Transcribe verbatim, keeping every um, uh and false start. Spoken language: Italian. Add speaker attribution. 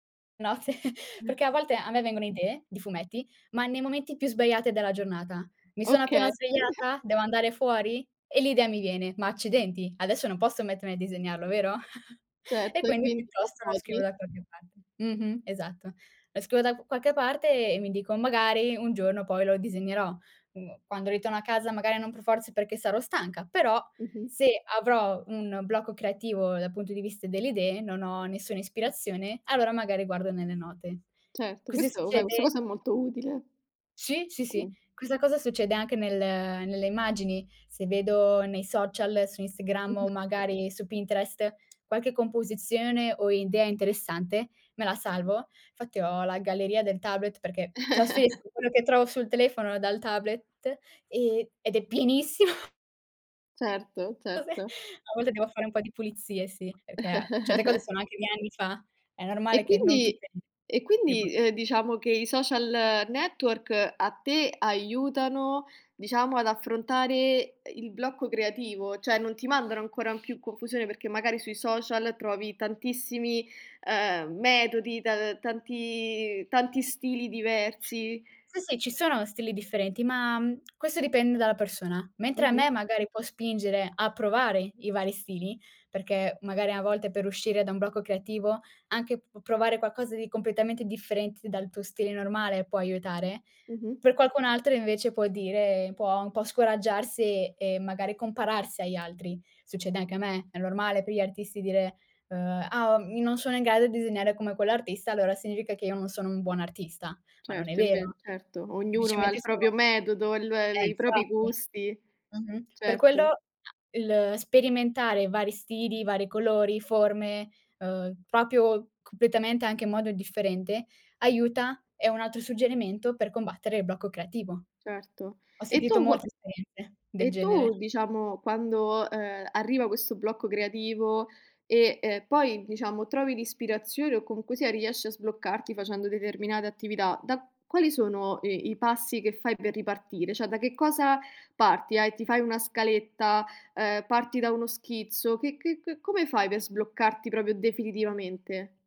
Speaker 1: No, se
Speaker 2: Mh.
Speaker 1: perché a volte a me vengono idee di fumetti, ma nei momenti più sbagliati della giornata. Mi sono appena
Speaker 2: Okay.
Speaker 1: svegliata, devo andare fuori, e l'idea mi viene: "Ma accidenti, adesso non posso mettermi a disegnarlo, vero?" E
Speaker 2: Certo, e
Speaker 1: quindi
Speaker 2: quindi lo
Speaker 1: piuttosto lo scrivo
Speaker 2: provi?
Speaker 1: da qualche parte. Mh-mh. Esatto. Lo scrivo da q qualche parte e mi dico: "Magari un giorno poi lo disegnerò." mhmm, quando ritorno a casa magari non per forza è perché sarò stanca, però
Speaker 2: Mh-mh.
Speaker 1: se avrò un blocco creativo dal punto di vista delle idee, non ho nessuna ispirazione, allora magari guardo nelle note.
Speaker 2: Certo.
Speaker 1: Così
Speaker 2: Questo vabbè, questa
Speaker 1: succede
Speaker 2: cosa è molto utile.
Speaker 1: Sì, sì, sì.
Speaker 2: Mh.
Speaker 1: Questa cosa succede anche nel nelle immagini. Se vedo nei social, su Instagram o
Speaker 2: Mh-mh.
Speaker 1: magari su Pinterest qualche composizione o idea interessante, me la salvo. Fatti ho la galleria del tablet perché trasferisco quello che trovo sul telefono dal tablet e ed è pienissimo.
Speaker 2: Certo,
Speaker 1: Ave
Speaker 2: certo.
Speaker 1: a volte devo fare un po' di pulizie, sì, perché certe cose sono anche di anni fa, è normale
Speaker 2: E
Speaker 1: che non
Speaker 2: quindi
Speaker 1: tutte
Speaker 2: e
Speaker 1: ne può
Speaker 2: quindi, uhm, diciamo che i social network a te aiutano, diciamo, ad affrontare e il blocco creativo, cioè, non ti mandano ancora in più confusione perché magari sui social trovi tantissimi, ehm, metodi, ta tanti tanti stili diversi.
Speaker 1: Sì, sì, ci sono stili differenti, ma, mhmm, questo dipende dalla persona. Mentre a
Speaker 2: Mh-mh.
Speaker 1: me magari può spingere a provare i vari stili, perché magari a volte per uscire da un blocco creativo anche p p provare qualcosa di completamente differente dal tuo stile normale può aiutare,
Speaker 2: Mh-mh.
Speaker 1: per qualcun altro invece può dire può un po' scoraggiarsi e magari compararsi agli altri. Succede anche a me, è normale per gli artisti dire, uhm: "Ah, ehm, non sono in grado di disegnare come quell'artista, allora significa che io non sono un buon artista." ma non è
Speaker 2: Certo. Inve
Speaker 1: vero.
Speaker 2: certo, ognuno ha
Speaker 1: Semplicemente
Speaker 2: il proprio
Speaker 1: sono
Speaker 2: metodo, il
Speaker 1: Eh,
Speaker 2: i propri
Speaker 1: infatti.
Speaker 2: gusti.
Speaker 1: Mh-mh. Per quello
Speaker 2: Certo.
Speaker 1: a il sperimentare vari stili, vari colori, forme, uhm, propio completamente anche in modo differente aiuta, è un altro suggerimento per combattere il blocco creativo.
Speaker 2: Certo.
Speaker 1: Ho
Speaker 2: E
Speaker 1: sentito
Speaker 2: tu qua
Speaker 1: molte esperienze del
Speaker 2: e tu
Speaker 1: genere.
Speaker 2: diciamo, quando, ehm, arriva questo blocco creativo e e poi diciamo, trovi l'ispirazione o comunque sia riesci a sbloccarti facendo determinate attività, da quali sono i i passi che fai per ripartire? Cioè, da che cosa parti? Hai ti fai una scaletta, uhm, parti da uno schizzo, che che che come fai per sbloccarti proprio definitivamente?